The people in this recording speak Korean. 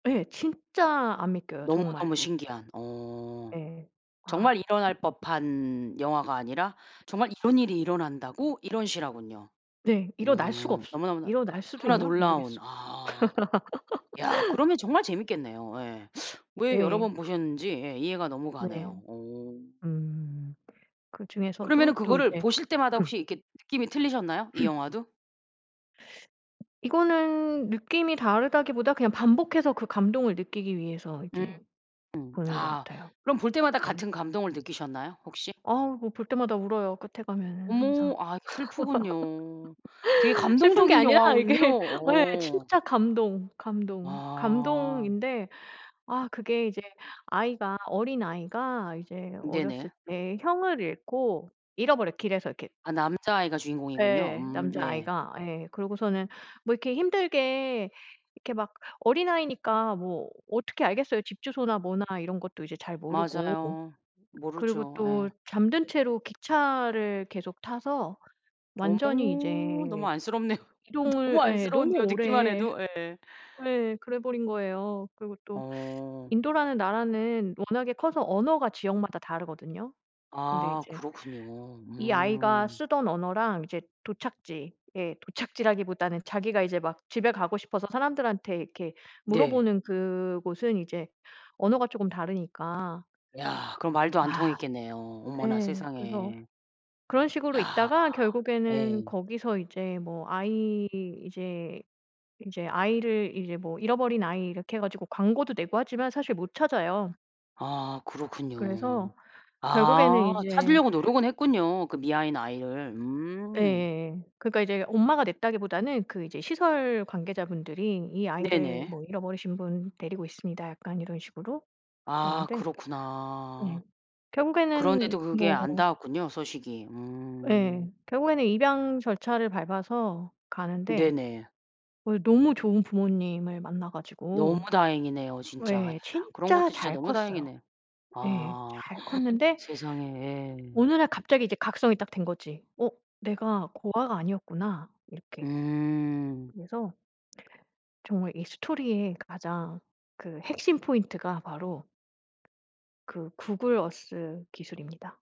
예 진짜 안 믿겨요 정말. 너무너무 신기한 어 예. 정말 아. 일어날 법한 영화가 아니라 '정말 이런 일이 일어난다고?' 이런 실화군요. 네. 일어날 수가 음 없어요. 너무너무나 일어날 수도 너무나 있나? 놀라운 모르겠어. 아. 야 그러면 정말 재밌겠네요. 예. 왜 여러 예. 번 보셨는지 예 이해가 너무 네. 가네요. 어. 음 그러면은 그중에서도 또 그거를 이제 보실 때마다 음. 혹시 이렇게 느낌이 틀리셨나요? 이 영화도? 이거는 느낌이 다르다기보다 그냥 반복해서 그 감동을 느끼기 위해서 이제 음 보는 것 아 같아요. 그럼 볼 때마다 네. 같은 감동을 느끼셨나요 혹시? 아우 뭐 볼 때마다 울어요 끝에 가면은 어머 항상. 아 이게 슬프군요. 되게 슬픈 게 감동적인 아니라 영화군요. 이게 네. 어. 진짜 감동, 감동, 아. 감동인데 아 그게 이제 아이가 어린아이가 이제 어렸을 네네. 때 형을 잃고 잃어버려요 길에서 이렇게. 아 남자아이가 주인공이군요. 예 음. 네. 남자아이가 예 그러고서는 뭐 이렇게 힘들게 이렇게 막 어린아이니까 뭐 어떻게 알겠어요. 집 주소나 뭐나 이런 것도 이제 잘 모르고 맞아요. 그리고 모르죠. 또 예. 잠든 채로 기차를 계속 타서 완전히 어머 너무 이제 안쓰럽네요. 너무 이동을 예 너무 안쓰러운데요. 듣기만 오래 해도 예. 예 그래 버린 거예요. 그리고 또 어. 인도라는 나라는 워낙에 커서 언어가 지역마다 다르거든요? 근데 아 이제 그렇군요. 이 아이가 음. 쓰던 언어랑 이제 도착지 예 도착지라기보다는 자기가 이제 막 집에 가고 싶어서 사람들한테 이렇게 네. 물어보는 그곳은 이제 언어가 쪼금 다르니까 야 그럼 말도 안 아 통했겠네요. 어머나 예. 그래서 세상에. 그런 식으로 야 있다가 결국에는 예. 거기서 이제 뭐 아이 이제 이제 아이를 이제 뭐 잃어버린 아이 이렇게 해 가지고 광고도 내고 하지만 사실 못 찾아요. 아 그렇군요. 그래서 결국에는 아 이제 찾으려고 노력은 했군요 그 미아인 아이를. 음. 예예예. 그러니까 이제 엄마가 냈다기보다는 그 이제 시설 관계자분들이 "이 아이를 네네. 뭐 잃어버리신 분 데리고 있습니다." 약간 이런 식으로 아 그랬는데 그렇구나. 예 결국에는 그런데도 그게 뭐 안 닿았군요 소식이. 음. 예. 결국에는 입양 절차를 밟아서 가는데 네네. 어 너무 좋은 부모님을 만나 너무 가지고 다행이네요 진짜. 야 예 그런 진짜 것도 진짜 잘 너무 컸어요. 다행이네. 예 아 잘 컸는데 세상에. 어느 날 갑자기 이제 각성이 딱 된 거지 '어? 내가 고아가 아니었구나.' 이렇게. 음. 그래서 정말 이 스토리의 가장 그 핵심 포인트가 바로 그 구글 어스 기술입니다.